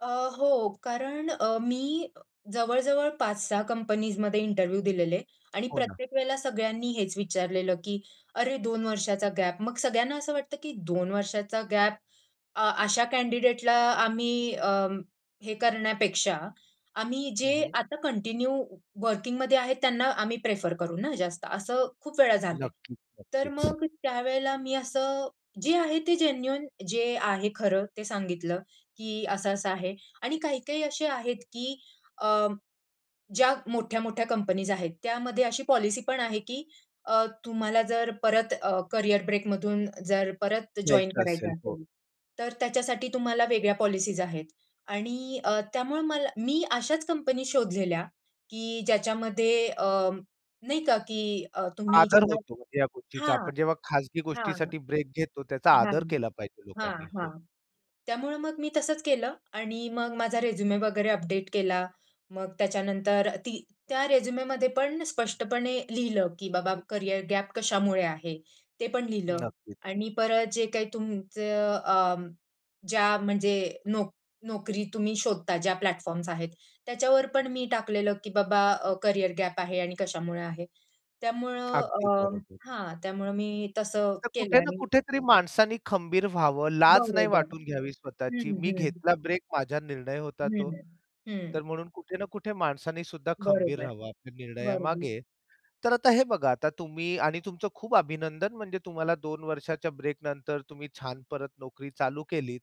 अ, हो, कारण अ, मी जवळ-जवळ 5-6 कंपनीजमध्ये इंटरव्ह्यू दिलेले आणि हो ना. प्रत्येक वेळेला सगळ्यांनी हेच विचारलेलं, की अरे 2 वर्षाचा गॅप मग सगळ्यांना असं वाटतं, की 2 वर्षाचा गॅप अ, अशा कँडिडेटला आम्ही अ, हे करण्यापेक्षा आम्ही जे हं, हं. आता कंटिन्यू वर्किंगमध्ये आहेत त्यांना आम्ही प्रिफर करू ना जास्त. असं खूप वेळा झालंय. नक्कीच, तर नक्कीच. मग त्यावेळेला मी असं, जे आहे ते जेन्युइन जे आहे खरं ते सांगितलं, की असं-असं आहे आणि काही-काही असे आहेत, की अ, ज्या मोठ्या-मोठ्या कंपनीज आहेत त्यामध्ये अशी पॉलिसी पण आहे, की अ, तुम्हाला जर परत अ, कॅरियर ब्रेक मधून जर परत जॉइन न्यायचं करायचं असेल, हो. असेल, तर त्याच्यासाठी तुम्हाला वेगळ्या पॉलिसीज आहेत आणि अ, त्यामुळे मला मी अशाच कंपनी शोधलेल्या, की ज्याच्यामध्ये अ, नाही का, की अ, तुम्ही आदर जेव्हा होतो या गोष्टीचा, हां, आपण जेव्हा खाजगी हां, गोष्टीसाठी ब्रेक घेतो, त्याचा हां, आदर केला पाहिजे हां, लोकांनी, हो. हां, त्यामुळं मग मी तसंच केलं आणि मग माझा रेझ्युमे वगैरे अपडेट केला. मग त्याच्यानंतर ती त्या रेझ्युमेमध्ये पण स्पष्टपणे लिहिलं, की बाबा कॅरियर गॅप कशामुळे आहे? ते पण लिहिलं नक्कीच. आणि परत जे काही तुमचं अ, ज्या म्हणजे नो नोकरी तुम्ही शोधता ज्या प्लॅटफॉर्म्स आहेत, त्याच्यावर पण मी टाकलेलं, की बाबा अ, कॅरियर गॅप आहे आणि कशामुळे आहे. त्यामुळं अगदी अ, बरोबर. हां, त्यामुळं मी तसं तर केलं कुठे ना आणि कुठेतरी माणसाने खंबीर व्हावं. लाज नाही बरोबर. वाटून घ्यावी स्वतःची. हं, मी हं. घेतला ब्रेक माझा निर्णय होता तो. हं, तर हं. म्हणून कुठे ना कुठे माणसाने सुद्धा खंबीर बरोबर, रहावं आपल्या बरोबर. निर्णयामागे. तर आता हे बघा, आता तुम्ही आणि तुमचं खूप अभिनंदन. म्हणजे तुम्हाला 2 वर्षाच्या ब्रेक नंतर तुम्ही छान परत नोकरी चालू केलीत.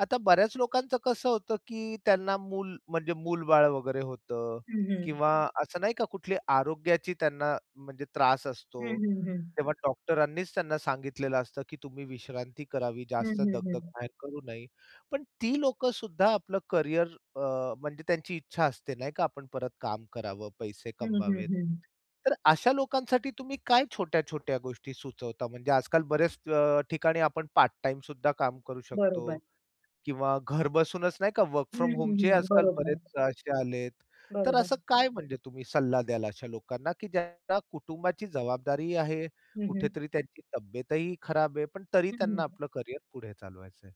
आता बऱ्याच लोकांचं कसं होतं, की त्यांना मूल म्हणजे मूलबाळ वगैरे होतं हं, हं. किंवा असं नाही का कुठली आरोग्याची त्यांना म्हणजे त्रास हं, असतो. हं, हं. तेव्हा डॉक्टरांनीच त्यांना सांगितलेलं असतं, की तुम्ही विश्रांती करावी, हं, जास्त हं, दगदग हं. बाहेर करू नये. पण ती लोक सुद्धा आपलं कॅरियर अ, म्हणजे त्यांची इच्छा असते नाही का, आपण परत काम करावं, पैसे हं, हं, कमवावेत. हं. तर अशा लोकांसाठी तुम्ही काय छोट्या-छोट्या गोष्टी सुचवता? म्हणजे आजकाल बऱ्याच अ, ठिकाणी आपण पार्ट-टाईम सुद्धा काम करू शकतो. बरोबर. किंवा घर बसूनच नाही का वर्क हं, फ्रॉम हं, होमचे हं, आजकाल बरोबर. बरेच असे आलेत. तर बरोबर. असं काय म्हणजे तुम्ही सल्ला द्याल अशा लोकांना, की ज्यांना कुटुंबाची जबाबदारी आहे, हं, हं. कुठेतरी त्यांची तब्येतही खराब आहे, पण तरी हं, त्यांना हं. आपलं कॅरियर पुढे चालवायचं आहे.